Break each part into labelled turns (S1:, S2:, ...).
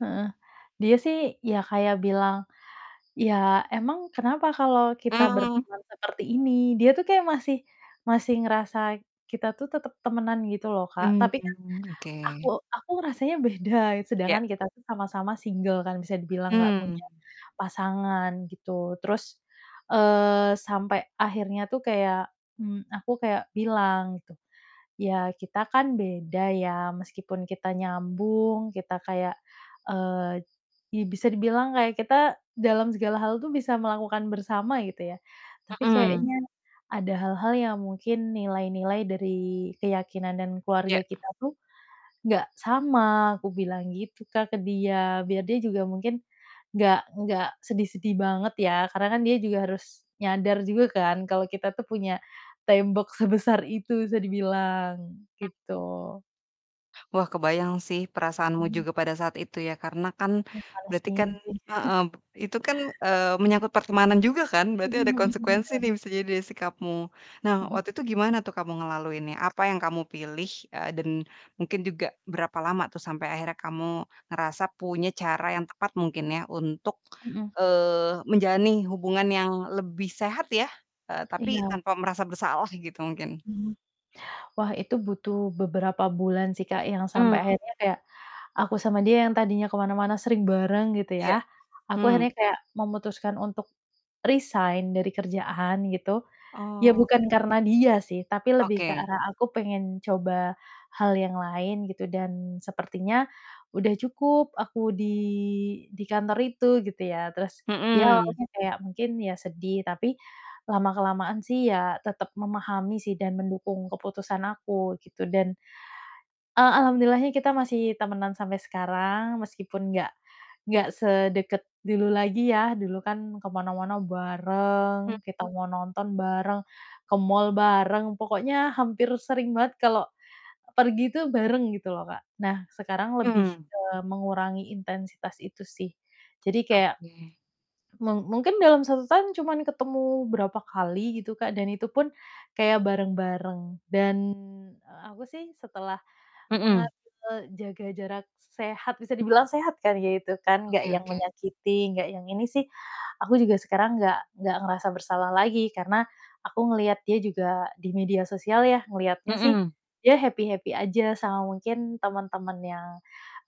S1: Heeh. Dia sih ya kayak bilang, "Ya, emang kenapa kalau kita
S2: Mhm.
S1: berteman seperti ini." Dia tuh kayak masih masih ngerasa kita tuh tetep temenan gitu loh, Kak, tapi kan
S2: Mmm, oke.
S1: aku aku rasanya beda,
S2: Ya.
S1: sedangkan kita tuh sama-sama single kan bisa dibilang nggak
S2: Mmm.
S1: punya pasangan gitu. Terus, eee, sampai akhirnya tuh kayak, mmm, aku kayak bilang gitu, "Ya, kita kan beda ya meskipun kita nyambung, kita kayak, eee, i bisa dibilang kayak kita dalam segala hal tuh bisa melakukan bersama gitu ya, tapi
S2: Mhm.
S1: kayaknya ada hal-hal yang mungkin nilai-nilai dari keyakinan dan
S2: Ya.
S1: keluarga kita tuh nggak sama," aku bilang gitu Kak, ke dia, biar dia juga mungkin nggak nggak sedih sedih banget ya, karena kan dia juga harus nyadar juga kan kalau kita tuh punya tembok sebesar itu bisa dibilang,
S2: Mhm.
S1: gitu.
S2: Wah, kebayang sih perasaanmu
S1: Mhm.
S2: juga pada saat itu ya, karena kan
S1: Ya,
S2: berarti kan
S1: Palestine sih.
S2: heeh, itu kan, eee, menyangkut pertemanan juga kan berarti
S1: Mhm
S2: ada
S1: mhm,
S2: konsekuensi
S1: bener.
S2: nih, bisa jadi dari sikapmu. Nah
S1: Mhm.
S2: waktu itu gimana tuh kamu ngelaluinya? Apa yang kamu pilih? Eee, dan mungkin juga berapa lama tuh sampai akhirnya kamu ngerasa punya cara yang tepat mungkin ya untuk,
S1: Mhm.
S2: eee, menjalani hubungan yang lebih sehat ya, eee, tapi
S1: Iya.
S2: tanpa merasa bersalah gitu mungkin?
S1: Mhm. Wah itu butuh beberapa bulan sih Kak, yang sampai
S2: Mmm.
S1: akhirnya kayak aku sama dia yang tadinya ke mana-mana sering bareng gitu,
S2: Iya,
S1: ya, aku
S2: hmm.
S1: akhirnya kayak memutuskan untuk resign dari kerjaan gitu. Ya
S2: Oh.
S1: bukan karena dia sih, tapi lebih ke
S2: Oke.
S1: arah aku pengen coba hal yang lain gitu dan sepertinya udah cukup aku di di kantor itu gitu ya. Terus dia
S2: Hmm.
S1: awalnya kayak mungkin ya sedih, tapi lama-kelamaan sih ya tetep memahami sih dan mendukung keputusan aku gitu dan, eee, alhamdulillahnya kita masih temenan sampai sekarang, meskipun nggak nggak sedeket dulu lagi ya. Dulu kan ke mana-mana
S2: Hmm.
S1: bareng, kita mau nonton bareng, ke mall bareng, pokoknya hampir sering banget kalau pergi tuh bareng gitu loh, Kak. Nah, sekarang lebih
S2: Hmm.
S1: ke mengurangi intensitas itu sih, jadi kayak
S2: Oke.
S1: mung mungkin dalam 1 tahun cuman ketemu berapa kali gitu, Kak. Dan itu pun kayak bareng-bareng dan aku sih setelah menga
S2: Mhm.
S1: eee, jaga jarak sehat bisa dibilang sehat kan kayak gitu kan, nggak
S2: Oke
S1: yang
S2: oke.
S1: menyakiti nggak yang ini sih, aku juga sekarang nggak nggak ngerasa bersalah lagi karena aku ngelihat dia juga di media sosial ya, ngelihatnya sih
S2: Mhm.
S1: dia happy-happy aja sama mungkin temen-temen yang,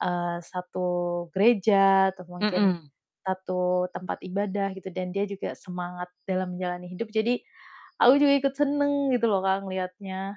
S1: eee, satu gereja atau mungkin
S2: Mhm.
S1: satu tempat ibadah gitu dan dia juga semangat dalam menjalani hidup. Jadi, aku juga ikut seneng gitu loh, Kak, ngeliatnya.